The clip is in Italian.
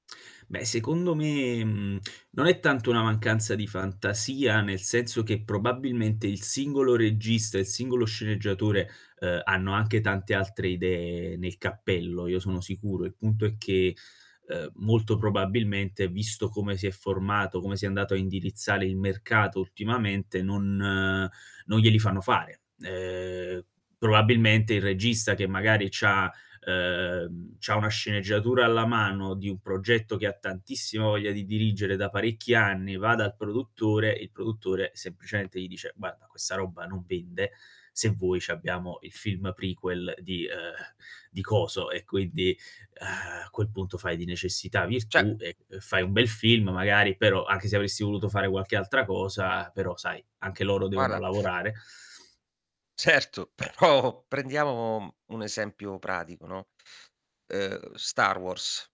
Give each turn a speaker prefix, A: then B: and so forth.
A: Beh secondo me, mhmm, non è tanto una mancanza di fantasia, nel senso che probabilmente il singolo regista e il singolo sceneggiatore, ehm, hanno anche tante altre idee nel cappello, io sono sicuro. Il punto è che, ehm, molto probabilmente, visto come si è formato, come si è andato a indirizzare il mercato ultimamente, non non glieli fanno fare. Ehm, probabilmente, il regista che magari c'ha, ehm, c'ha una sceneggiatura alla mano di un progetto che ha tantissima voglia di dirigere da parecchi anni, va dal produttore e il produttore semplicemente gli dice: "Guarda questa roba non vende. Se vuoi c'abbiamo il film prequel di ehm, di coso." e quindi, a quel punto fai di necessità
B: Cioè
A: virtù e e fai un bel film magari, però, anche se avresti voluto fare qualche altra cosa però, sai, anche loro devono
B: Guarda
A: lavorare.
B: Certo, però prendiamo un esempio pratico, no, ehm, Star Wars.